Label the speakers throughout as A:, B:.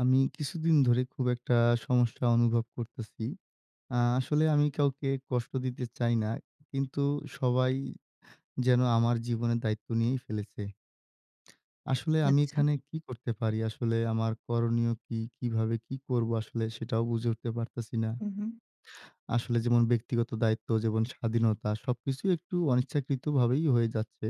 A: আমি কিছুদিন ধরে খুব একটা সমস্যা অনুভব করতেছি। আ আসলে আমি কাউকে কষ্ট দিতে চাই না। কিন্তু সবাই যেন আমার জীবনের দায়িত্ব নিয়েই ফেলেছে। আসলে আমি
B: আচ্ছা।
A: এখানে কি করতে পারি? আসলে আমার করনীয় কি? কিভাবে কি করব? আসলে সেটাও বুঝে উঠতে পারতেছি না।
B: হুম, হুম।
A: আসলে যেমন ব্যক্তিগত দায়িত্ব যেমন স্বাধীনতা সবকিছু একটু অনিচ্ছাকৃত ভাবেই হয়ে যাচ্ছে।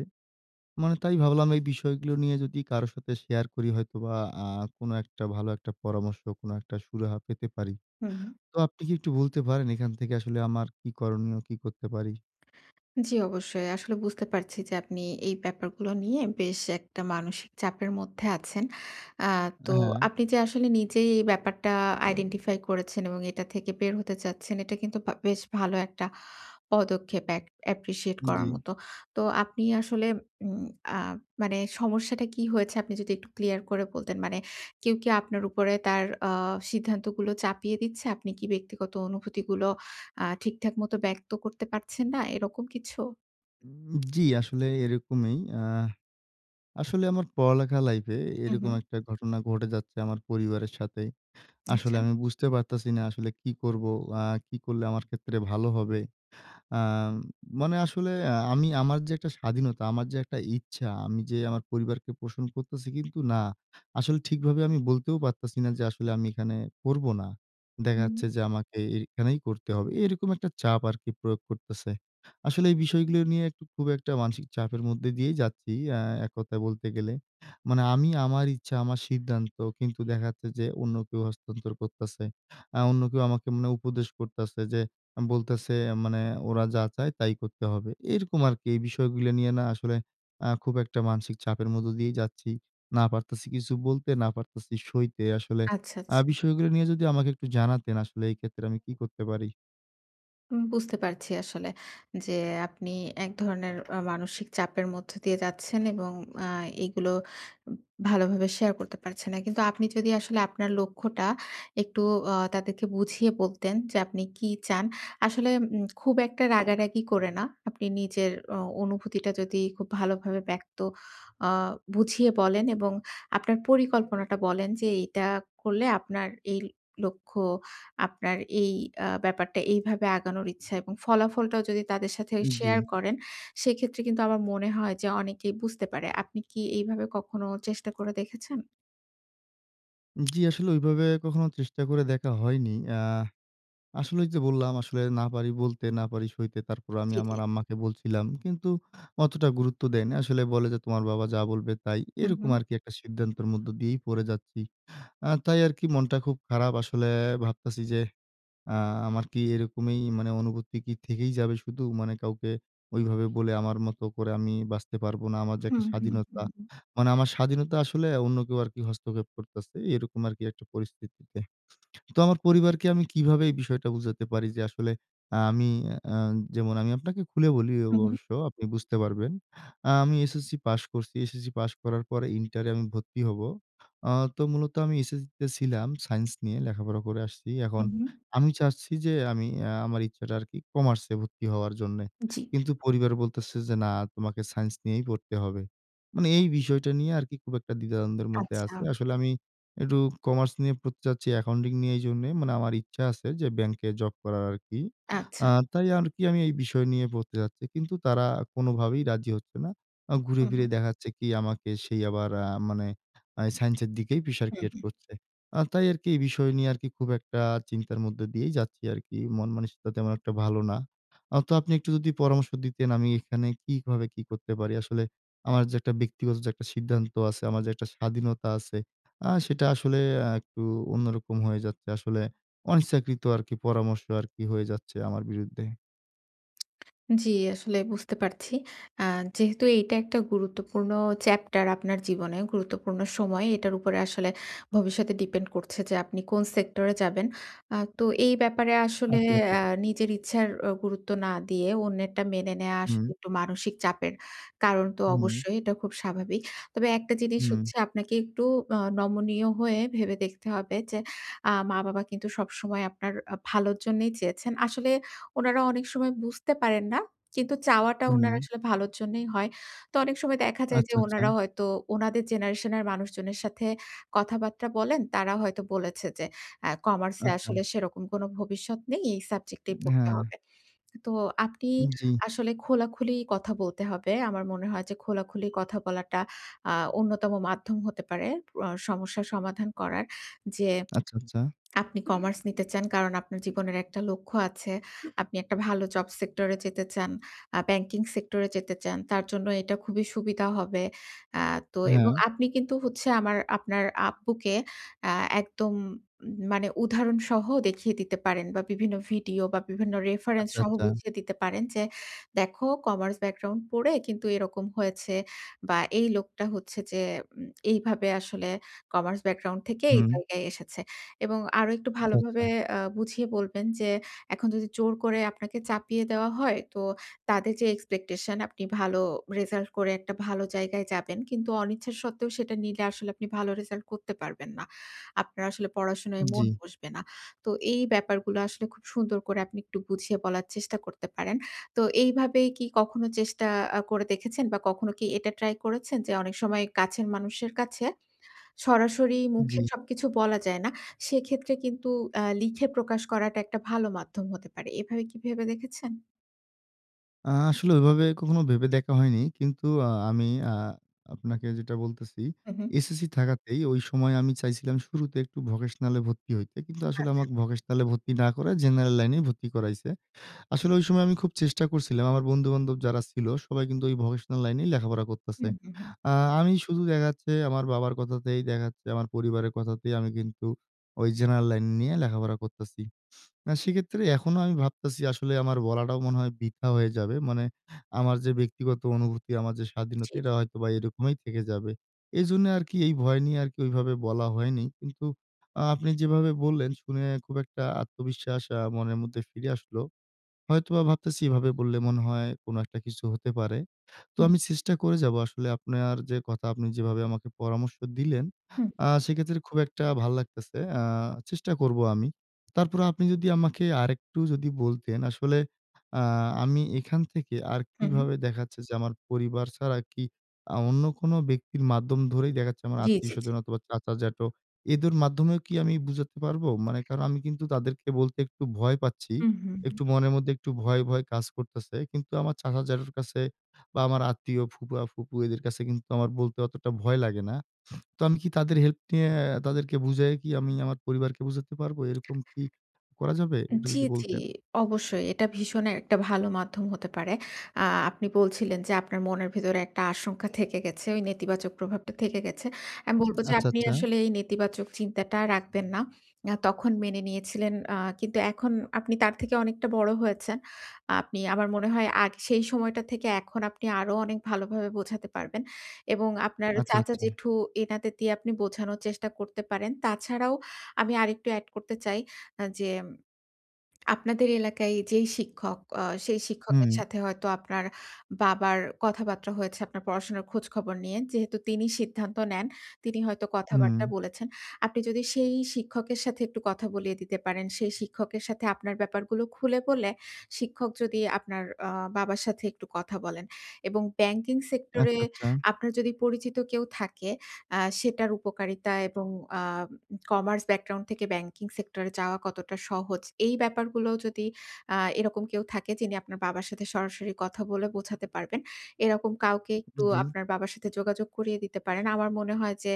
A: মানে তাই ভাবলাম এই বিষয়গুলো নিয়ে যদি কারো সাথে শেয়ার করি হয়তো বা আ কোনো একটা ভালো একটা পরামর্শ, কোন একটা সুরাহা পেতে পারি।
B: হুম।
A: তো আপনি কি একটু বলতে পারেন, এখান থেকে আসলে আমার কি করণীয়? কী করতে পারি?
B: জি, অবশ্যই। আসলে বুঝতে পারছি যে, আপনি এই ব্যাপারগুলো নিয়ে বেশ একটা মানসিক চাপের মধ্যে আছেন। আ
A: অ্যা
B: তো
A: হ্যাঁ।
B: আপনি যে, আসলে নিজেই এই ব্যাপারটা আইডেন্টিফাই করেছেন এবং এটা থেকে বের হতে চাচ্ছেন, এটা কিন্তু ভা বেশ ভালো একটা পদক্ষেপ এক appreciate
A: জি।
B: করার মতো। তো আপনি আসলে উম আ মানে সমস্যাটা কি হয়েছে আপনি যদি একটু ক্লিয়ার করে বলতেন? মানে কেউ কি আপনার উপরে তার আ সিদ্ধান্ত গুলো চাপিয়ে দিচ্ছে? আপনি কি ব্যক্তিগত অনুভূতিগুলো আ ঠিকঠাক মত ব্যক্ত করতে পারছেন না? এরকম কিছু?
A: উম জি, আসলে এরকমই। অ্যা আসলে আমার পড়ালেখা লাইফে
B: হুম,
A: এরকম
B: হুম।
A: একটা ঘটনা ঘটে যাচ্ছে আমার পরিবারের সাথে। আসলে
B: আচ্ছা।
A: আমি বুঝতে পারতাছি না আসলে কি করবো? অ্যা কি করলে আমার ক্ষেত্রে ভালো হবে? অ্যা মানে আসলে আমি আমার যে একটা স্বাধীনতা, আমার যে একটা ইচ্ছা, আমি যে আমার পরিবারকে পোষণ করতেছি। কিন্তু না, আসলে ঠিকভাবে আমি বলতেও পারতেছি না যে আসলে আমি এখানে করব না। দেখা
B: হুম।
A: যাচ্ছে যে আমাকে এখানেই পড়তে হবে। এরকম একটা চাপ আরকি প্রয়োগ করতেছে। আসলে এই বিষয়গুলো নিয়ে একটু খুব একটা মানসিক চাপের মধ্যে দিয়েই যাচ্ছি। অ্যা এক কথায় বলতে গেলে। মানে আমি আমার ইচ্ছা আমার সিদ্ধান্ত কিন্তু দেখাচ্ছে যে অন্য কেউ হস্তান্তর করতেছে। অ্যা অন্য কেউ আমাকে মানে উপদেশ করতেছে যে, বলতেছে। মানে ওরা যা চায় তাই করতে হবে। এরকম আরকি। এই বিষয়গুলো নিয়ে না আসলে অ্যা খুব একটা মানসিক চাপের মধ্যে দিয়েই যাচ্ছি। না পারতেছি কিছু বলতে। না পারতেছি সইতে আসলে
B: আচ্ছা,
A: অ্যা
B: আচ্ছা।
A: বিষয়গুলো নিয়ে যদি আমাকে একটু জানাতেন, আসলে এই ক্ষেত্রে আমি কি করতে পারি?
B: হুম। বুঝতে পারছি আসলে যে আপনি এক ধরনের অ মানসিক চাপের মধ্য দিয়ে যাচ্ছেন এবং অ্যা এগুলো ভালোভাবে শেয়ার করতে পারছেন না। কিন্তু আপনি যদি আসলে আপনার লক্ষ্যটা একটু অ তাদেরকে বুঝিয়ে বলতেন যে, আপনি কি চান। আসলে উম খুব একটা রাগারাগি করে না। আপনি নিজের অ অনুভূতিটা যদি খুব ভালোভাবে ব্যক্ত অ বুঝিয়ে বলেন এবং আপনার পরিকল্পনাটা বলেন। যে এটা করলে আপনার এই লক্ষ্য, আপনার এই অ্যা ব্যাপারটা এইভাবে আগানোর ইচ্ছা এবং ফলাফলটাও যদি তাদের সাথে শেয়ার
A: জি।
B: করেন, সেক্ষেত্রে কিন্তু আমার মনে হয় যে অনেকেই বুঝতে পারে। আপনি কি এইভাবে কখনো চেষ্টা করে দেখেছেন?
A: জি, আসলে ওইভাবে কখনো চেষ্টা করে দেখা হয়নি। এ্যা আসলেই যে, বললাম, আসলে না পারি বলতে, না পারি সইতে। তারপর আমি
B: জ্বী,
A: আমার
B: জ্বী।
A: আম্মাকে বলছিলাম। কিন্তু অতটা গুরুত্ব দেয়নি। আসলে বলে যে, তোমার বাবা যা বলবে তাই।
B: হু,
A: এরকম
B: হুম।
A: আরকি একটা সিদ্ধান্তের মধ্যে দিয়েই পড়ে যাচ্ছি। এ্যা তাই আরকি মনটা খুব খারাপ, আসলে ভাবতাছি যে, এ্যা আমার কি এরকমই মানে অনুভূতি কি থেকেই যাবে শুধু মানে কাউকে ওইভাবে বলে আমার মতো করে বাঁচতে পারব না? আমার যে, একটা
B: হম, হম,
A: স্বাধীনতা।
B: হুম।
A: মানে আমার স্বাধীনতা আসলে অন্য কেউ আরকি হস্তক্ষেপ করতেছে। এরকম আরকি একটা পরিস্থিতিতে। তো আমার পরিবারকে আমি কিভাবে এই বিষয়টা বুঝাতে পারি? যে, আসলে আমি এ্যা যেমন আমি আপনাকে খুলে বলি
B: হু, হুম।
A: অবশ্য আপনি বুঝতে পারবেন। এ্যা আমি এসএসসি পাস করছি। এসএসসি পাস করার পর ইন্টার এ আমি ভর্তি হব। এ্যা তো মূলত আমি এসএসসি তে ছিলাম সাইন্স নিয়ে লেখাপড়া করে আসছি। এখন
B: হম, হম।
A: আমি চাচ্ছি যে, আমি এ্যা আমার ইচ্ছাটা আরকি কমার্সে ভর্তি হওয়ার জন্যে।
B: জী।
A: কিন্তু পরিবার বলতেছে যে, না তোমাকে সাইন্স নিয়েই পড়তে হবে। মানে এই বিষয়টা নিয়ে আরকি খুব একটা দ্বিধাদ্বন্দ্বের মধ্যে
B: আচ্ছা।
A: আছে। আসলে আমি একটু কমার্স নিয়ে পড়তে যাচ্ছি, অ্যাকাউন্টিং নিয়ে এই জন্য মানে আমার ইচ্ছা আছে যে, ব্যাংকে জব করার আরকি।
B: আচ্ছা।
A: এ্যা তাই আরকি আমি এই বিষয় নিয়ে পড়তে যাচ্ছি। কিন্তু তারা কোনভাবেই রাজি হচ্ছে না। ঘুরে
B: হম,
A: ফিরে
B: হম।
A: দেখাচ্ছে কি আমাকে আবার এ্যা মানে আ সাইন্স এর দিকে প্রেশার
B: হুম,
A: ক্রিয়েট
B: হুম।
A: করছে। এ্যা তাই আরকি এই বিষয় নিয়ে খুব একটা চিন্তার মধ্যে দিয়েই যাচ্ছি আরকি। মন মানসিকতা তেমন একটা ভালো না। অ্যা তো আপনি একটু যদি পরামর্শ দিতেন আমি এখানে কিভাবে কি করতে পারি? আসলে আমার যে, একটা ব্যক্তিগত যে, একটা সিদ্ধান্ত আছে, আমার যে, একটা স্বাধীনতা আছে, এ্যা সেটা আসলে এ্যা একটু অন্যরকম হয়ে যাচ্ছে। আসলে অনিচ্ছাকৃত আরকি পরামর্শ আরকি হয়ে যাচ্ছে আমার বিরুদ্ধে।
B: জ্বি, আসলে বুঝতে পারছি। আ যেহেতু এটা একটা গুরুত্বপূর্ণ চ্যাপ্টার আপনার জীবনে, গুরুত্বপূর্ণ সময়। এটার উপরে আসলে ভবিষ্যতে ডিপেন্ড করছে যে, আপনি কোন সেক্টরে যাবেন। আ তো এই ব্যাপারে আসলে
A: আচ্ছা, আচ্ছা।
B: এ্যা নিজের ইচ্ছার ও গুরুত্ব না দিয়ে অন্যেরটা মেনে নেওয়া আসলে
A: হুম।
B: একটু মানসিক চাপের কারণ তো
A: হুম।
B: অবশ্যই। এটা খুব স্বাভাবিক। তবে একটা জিনিস
A: হুম।
B: হচ্ছে আপনাকে একটু আ নমনীয় হয়ে ভেবে দেখতে হবে। যে, আ মা-বাবা কিন্তু সবসময় আপনার আ ভালোর জন্যেই চেয়েছেন। আসলে উনারা অনেক সময় বুঝতে পারেন না। কিন্তু চাওয়াটা উনারা
A: হুম।
B: আসলে ভালোর জন্যেই হয়। তো অনেক সময় দেখা যায় যে,
A: আচ্ছা,
B: উনারা
A: আচ্ছা।
B: হয়তো উনাদের জেনারেশন এর মানুষজনের সাথে কথাবার্তা বলেন। তারা হয়তো বলেছে যে, আ কমার্স এ আসলে
A: আচ্ছা।
B: সেরকম কোন ভবিষ্যৎ নেই। এই সাবজেক্ট এ
A: উম
B: পড়তে
A: হ্যাঁ।
B: হবে। তো আপনি
A: উম জি।
B: আসলে খোলাখুলি কথা বলতে হবে। আমার মনে হয় যে, খোলাখুলি কথা বলাটা আ অন্যতম মাধ্যম হতে পারে আ সমস্যার সমাধান করার। যে,
A: আচ্ছা, আচ্ছা।
B: আপনি কমার্স নিতে চান। কারণ আপনার জীবনের একটা লক্ষ্য আছে। আপনি একটা ভালো জব সেক্টরে যেতে চান। আ ব্যাংকিং সেক্টরে যেতে চান। তার জন্য এটা খুবই সুবিধা হবে। আ তো এবং
A: হ্যাঁ।
B: আপনি কিন্তু হচ্ছে আমার আপনার আব্বুকে আ একদম মানে উদাহরণসহ দেখিয়ে দিতে পারেন বা বিভিন্ন ভিডিও বা বিভিন্ন রেফারেন্স
A: আচ্ছা,
B: সহ
A: আচ্ছা।
B: বুঝিয়ে দিতে পারেন। যে, দেখো কমার্স ব্যাকগ্রাউন্ড পড়ে কিন্তু এরকম হয়েছে। বা এই লোকটা হচ্ছে যে, ওম এইভাবে আসলে কমার্স ব্যাকগ্রাউন্ড থেকে এই
A: হুম।
B: জায়গায় এসেছে। এবং আরো একটু
A: আচ্ছা, আচ্ছা।
B: ভালোভাবে আ বুঝিয়ে বলবেন যে, এখন যদি জোর করে আপনাকে চাপিয়ে দেওয়া হয় তো তাদের যে, এক্সপেকটেশন আপনি ভালো রেজাল্ট করে একটা ভালো জায়গায় যাবেন। কিন্তু অনিচ্ছা সত্ত্বেও সেটা নিলে আসলে আপনি ভালো রেজাল্ট করতে পারবেন না। আপনার আসলে পড়াশোনায় মন
A: জি।
B: বসবে না। তো এই ব্যাপারগুলো আসলে খুব সুন্দর করে আপনি একটু বুঝিয়ে বলার চেষ্টা করতে পারেন। তো এইভাবে কি কখনো চেষ্টা আ করে দেখেছেন? বা কখনো কি এটা ট্রাই করেছেন? যে, অনেক সময় কাছের মানুষের কাছে সরাসরি মুখে
A: জি।
B: সবকিছু বলা যায় না। সেক্ষেত্রে কিন্তু আ লিখে প্রকাশ করাটা একটা ভালো মাধ্যম হতে পারে। এভাবে কি ভেবে দেখেছেন?
A: আ আসলে ওইভাবে কখনো ভেবে দেখা হয়নি। কিন্তু আ আমি আ আপনাকে যেটা বলতেছি,
B: হুম, হুম।
A: এসএসসি থাকাতেই ওই সময় আমি চাইছিলাম শুরুতে একটু ভোকেশনালে ভর্তি হইতে। কিন্তু আসলে
B: আচ্ছা।
A: আমাকে ভকেশনালে ভর্তি না করে জেনারেল লাইনেই ভর্তি করাইছে। আসলে ঐ সময় আমি খুব চেষ্টা করছিলাম। আমার বন্ধু-বান্ধব যারা ছিল সবাই কিন্তু ঐ ভোকেশনাল লাইনেই লেখাপড়া
B: হু,
A: করতেছে।
B: হু, হুম।
A: আ আমি শুধু দেখা যাচ্ছে আমার বাবার কথাতেই দেখা যাচ্ছে আমার পরিবারের কথাতেই আমি কিন্তু ঐ জেনারেল লাইন নিয়ে লেখাপড়া করতেছি। আ সেক্ষেত্রে এখনো আমি ভাবতেছি, আসলে আমার বলাটাও মনে হয় বৃথা হয়ে যাবে। মানে আমার যে, ব্যক্তিগত অনুভূতি, আমার যে,
B: জি,
A: স্বাধীনতা
B: জি।
A: এটা হয়তো বা এরকমই থেকে যাবে। এজন্য আরকি এই ভয় নিয়ে আরকি ওইভাবে বলা হয়নি। কিন্তু আ আপনি যেভাবে বললেন, শুনে খুব একটা আত্মবিশ্বাস আ মনের মধ্যে ফিরে আসলো। হয়তোবা ভাবতেছি এভাবে বললে, মনে হয় কোন একটা কিছু হতে পারে। তো
B: হুম।
A: আমি চেষ্টা করে যাবো আসলে আপনার যে, কথা আপনি যেভাবে আমাকে পরামর্শ দিলেন,
B: হু, হুম।
A: আ সেক্ষেত্রে খুব একটা ভাল লাগতেছে। আ চেষ্টা করব আমি। তারপরেও আপনি যদি আমাকে আরেকটু যদি বলতেন। আসলে আ আমি এখান থেকে আর
B: হুম, হুম।
A: কিভাবে দেখা যাচ্ছে যে, আমার পরিবার ছাড়া কি আ অন্য কোন ব্যক্তির মাধ্যম ধরেই দেখা যাচ্ছে আমার
B: জি, জি, জি।
A: আত্মীয়স্বজন অথবা চাচা, জ্যাঠো এদের মাধ্যমেও কি আমি বুঝাতে পারব? মানে কারণ আমি কিন্তু তাদেরকে বলতে একটু ভয় পাচ্ছি।
B: হুম, হুম, হুম।
A: একটু মনের মধ্যে একটু ভয়, ভয় কাজ করতেছে। কিন্তু আমার চাচা, জ্যাঠোর কাছে বা আমার আত্মীয় ফুপা, ফুপু এদের কাছে কিন্তু আমার বলতে অতটা ভয় লাগে না। তো আমি কি তাদের হেল্প নিয়ে আ তাদেরকে বোঝায়ে কি আমি আমার পরিবারকে বুঝাতে পারব? এরকম কি করা যাবে? একটু
B: জি,
A: যদি
B: জি।
A: বলতেন।
B: অবশ্যই। এটা ভীষণই একটা ভালো মাধ্যম হতে পারে। আ আপনি বলছিলেন যে, আপনার মনের ভেতরে একটা আশঙ্কা থেকে গেছে। ওই নেতিবাচক প্রভাবটা থেকে গেছে। আমি বলব যে,
A: আচ্ছা,
B: আপনি
A: আচ্ছা।
B: আসলে এই নেতিবাচক চিন্তাটা রাখবেন না। অ্যা তখন মেনে নিয়েছিলেন। আ কিন্তু এখন আপনি তার থেকে অনেকটা বড় হয়েছে। আপনি আমার মনে হয় আগ সেই সময়টা থেকে এখন আপনি আরো অনেক ভালোভাবে বোঝাতে পারবেন। এবং আপনার
A: আচ্ছা,
B: চাচা,
A: আচ্ছা।
B: জেঠু এনাদের দিয়ে আপনি বোঝানোর চেষ্টা করতে পারেন। তাছাড়াও আমি আরেকটু এ্যাড করতে চাই। আ যেম আপনাদের এলাকায় যেই শিক্ষক অ সেই শিক্ষকের
A: হুম।
B: সাথে হয়তো আপনার বাবার কথাবার্তা হয়েছে, আপনার পড়াশোনার খোঁজখবর নিয়ে যেহেতু তিনি সিদ্ধান্ত নেন, তিনি হয়তো
A: হুম।
B: কথাবার্তা বলেছেন। আপনি যদি সেই শিক্ষকের সাথে একটু কথা বলিয়ে দিতে পারেন। সেই শিক্ষকের সাথে আপনার ব্যাপারগুলো খুলে বলে শিক্ষক যদি আপনার অ বাবার সাথে একটু কথা বলেন। এবং ব্যাংকিং সেক্টরে
A: আচ্ছা, আচ্ছা।
B: আপনার যদি পরিচিত কেউ থাকে, আ সেটার উপকারিতা এবং আ কমার্স ব্যাকগ্রাউন্ড থেকে ব্যাংকিং সেক্টরে যাওয়া কতটা সহজ। এই ব্যাপারগুলোও যদি আ এরকম কেউ থাকে, যিনি আপনার বাবার সাথে সরাসরি কথা বলে বোঝাতে পারবেন। এরকম কাউকে একটু
A: জি।
B: আপনার বাবার সাথে যোগাযোগ করিয়ে দিতে পারেন। আমার মনে হয় যে,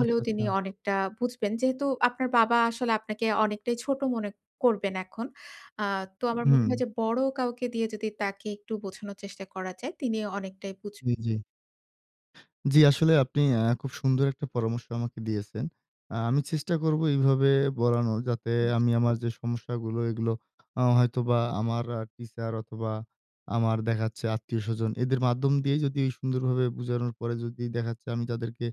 A: আচ্ছা,
B: তিনি
A: আচ্ছা।
B: অনেকটা বুঝবেন। যেহেতু আপনার বাবা আসলে আপনাকে অনেকটাই ছোট মনে করবেন এখন। আ তো আমার মনে
A: হুম।
B: হয় যে, বড় কাউকে দিয়ে যদি তাকে একটু বোঝানোর চেষ্টা করা যায়, তিনি অনেকটাই বুঝ
A: জি, জি। জি, আসলে আপনি আ খুব সুন্দর একটা পরামর্শ আমাকে দিয়েছেন। আ আমি চেষ্টা করবো এইভাবে বলানোর, যাতে
B: হু, জি।
A: আমি আমার যে, সমস্যাগুলো এগুলো আ হয়তোবা আমার আ টিচার অথবা আমার দেখা যাচ্ছে আত্মীয়স্বজন, এদের মাধ্যম দিয়েই যদি সুন্দরভাবে বুঝানোর পরে যদি দেখা যাচ্ছে আমি তাদেরকে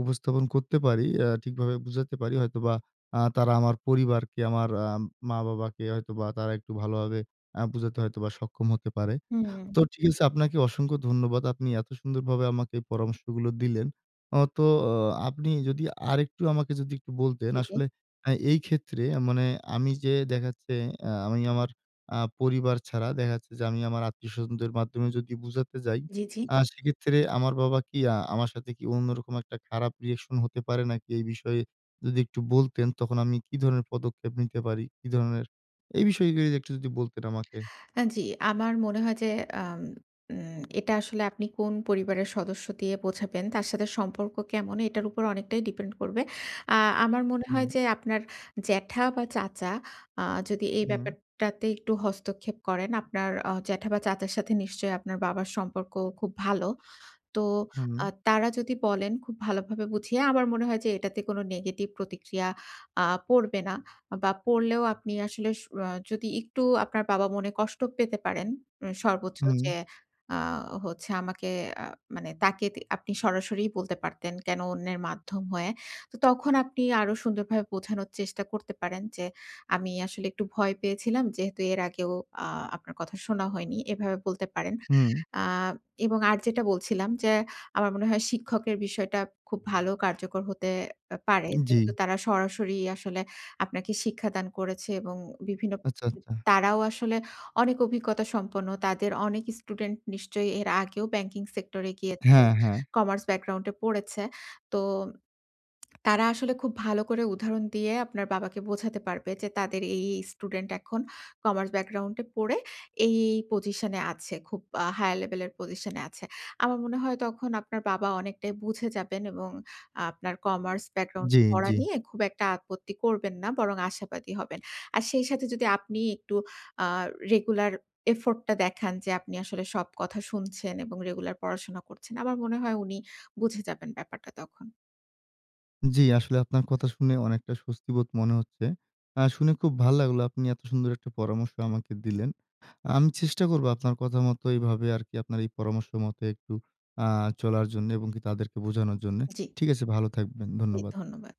A: উপস্থাপন করতে পারি। অ্যা ঠিকভাবে বুঝাতে পারি হয়তোবা আ তারা আমার পরিবারকে, আমার আ ম-বাবাকে হয়তোবা তারা একটু ভালোভাবে আ বুঝাতে হয়তোবা সক্ষম হতে পারে।
B: হুম।
A: তো ঠিক আছে আপনাকে অসংখ্য ধন্যবাদ। আপনি এত সুন্দর ভাবে আমাকে পরামর্শগুলো দিলেন। আ তো অ আপনি যদি আরেকটু আমাকে যদি একটু বলতেন,
B: জি, জি।
A: আসলে আ এই ক্ষেত্রে আ মানে আমি যে, দেখা যাচ্ছে আ আমি আমার আ পরিবার ছাড়া দেখা যাচ্ছে যে, আমি আমার আত্মীয়স্বজনদের মাধ্যমে যদি বোঝাতে যাই,
B: জি, জি।
A: আ সেক্ষেত্রে আমার বাবা কি আ আমার সাথে কি অন্যরকম একটা খারাপ রিঅ্যাকশন হতে পারে নাকি? এই বিষয়ে যদি একটু বলতেন। তখন আমি কি ধরনের পদক্ষেপ নিতে পারি? কি ধরণের? এই বিষয় গুলি যদি একটু যদি বলতেন আমাকে।
B: অ্যা জি, আমার মনে হয় যে, আম উম এটা আসলে আপনি কোন পরিবারের সদস্য দিয়ে বোঝাবেন? তার সাথে সম্পর্ক কেমন? এটার উপর অনেকটাই ডিপেন্ড করবে। আ আমার মনে হয়
A: হুম।
B: যে, আপনার জ্যাঠা বা চাচা আ যদি এই
A: হুম।
B: ব্যাপারটাতে একটু হস্তক্ষেপ করেন, আপনার অ জ্যাঠা বা চাচার সাথে নিশ্চয়ই আপনার বাবার সম্পর্ক খুব ভালো। তো
A: হুম।
B: আ তারা যদি বলেন খুব ভালোভাবে বুঝিয়ে, আমার মনে হয় যে, এটাতে কোন নেগেটিভ প্রতিক্রিয়া আ পড়বে না। বা পড়লেও আপনি আসলে সু আ যদি একটু আপনার বাবা মনে কষ্ট পেতে পারেন। উ সর্বোচ্চ
A: হুম।
B: যে, আ হচ্ছে আমাকে আ মানে তাকে তি আপনি সরাসরিই বলতে পারতেন। কেন অন্যের মাধ্যম হয়ে? তো তখন আপনি আরো সুন্দরভাবে বোঝানোর চেষ্টা করতে পারেন, যে, আমি আসলে একটু ভয় পেয়েছিলাম। যেহেতু এর আগেও আ আপনার কথা শোনা হয়নি। এভাবে বলতে পারেন।
A: হুম।
B: আ এবং আর যেটা বলছিলাম, যে, আমার মনে হয় শিক্ষকের বিষয়টা খুব ভালো কার্যকর হতে অ্যা পারে। যেহেতু
A: জি।
B: তারা সরাসরি আসলে আপনাকে শিক্ষা দান করেছে এবং বিভিন্ন
A: আচ্ছা, আচ্ছা।
B: তারাও আসলে অনেক অভিজ্ঞতা সম্পন্ন। তাদের অনেক স্টুডেন্ট নিশ্চয়ই এর আগেও ব্যাংকিং সেক্টরে গিয়েছে।
A: হ্যাঁ, হ্যাঁ।
B: কমার্স ব্যাকগ্রাউন্ডে পড়েছে। তো, তারা আসলে খুব ভালো করে উদাহরণ দিয়ে আপনার বাবাকে বোঝাতে পারবে। যে, তাদের এই, এই স্টুডেন্ট এখন কমার্স ব্যাকগ্রাউন্ডে পড়ে এই, এই পজিশনে আছে। খুব আ হায়ার লেভেলের পজিশনে আছে। আমার মনে হয় তখন আপনার বাবা অনেকটাই বুঝে যাবেন এবং আপনার কমার্স ব্যাকগ্রাউন্ড
A: জি,
B: এ পড়া
A: জি।
B: নিয়ে খুব একটা আপত্তি করবেন না। বরং আশাবাদী হবেন। আর সেই সাথে যদি আপনি একটু আ রেগুলার এফোর্টটা দেখান, যে, আপনি আসলে সব কথা শুনছেন এবং রেগুলার পড়াশোনা করছেন। আমার মনে হয় উনি বুঝে যাবেন ব্যাপারটা তখন।
A: জি, আসলে আপনার কথা শুনে অনেকটা স্বস্তিবোধ মনে হচ্ছে। আ শুনে খুব ভাল লাগলো, আপনি এত সুন্দর একটা পরামর্শ আমাকে দিলেন। আমি চেষ্টা করব আপনার কথা মত এভাবে আরকি আপনার এই পরামর্শ মতো একটু আ চলার জন্য এবং কি তাদেরকে বোঝানোর জন্য।
B: জি।
A: ঠিক আছে ভালো থাকবেন।
B: জি,
A: ধন্যবাদ।
B: ধন্যবাদ।